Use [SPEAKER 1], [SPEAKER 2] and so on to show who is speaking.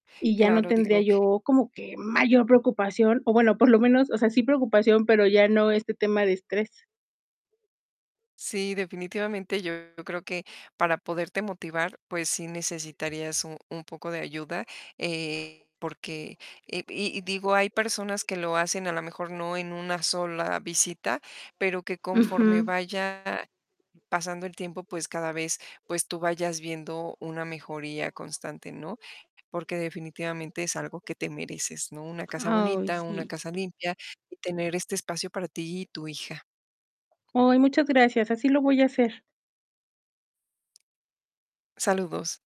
[SPEAKER 1] Y ya no
[SPEAKER 2] Claro,
[SPEAKER 1] tendría
[SPEAKER 2] digo
[SPEAKER 1] yo como que mayor preocupación o, bueno, por lo menos, o sea, sí preocupación, pero ya no este tema de estrés.
[SPEAKER 2] Sí, definitivamente yo creo que para poderte motivar, pues, sí necesitarías un un poco de ayuda, eh, porque, eh, y y digo, hay personas que lo hacen a lo mejor no en una sola visita, pero que
[SPEAKER 1] Ujú.
[SPEAKER 2] conforme vaya pasando el tiempo, pues, cada vez, pues, tú vayas viendo una mejoría constante, ¿no?, porque definitivamente, es algo que te mereces, ¿no?, una casa bonita,
[SPEAKER 1] Ay,
[SPEAKER 2] una
[SPEAKER 1] sí.
[SPEAKER 2] casa limpia y tener este espacio para ti y tu hija.
[SPEAKER 1] Ay, muchas gracias. Así lo voy a hacer.
[SPEAKER 2] Saludos.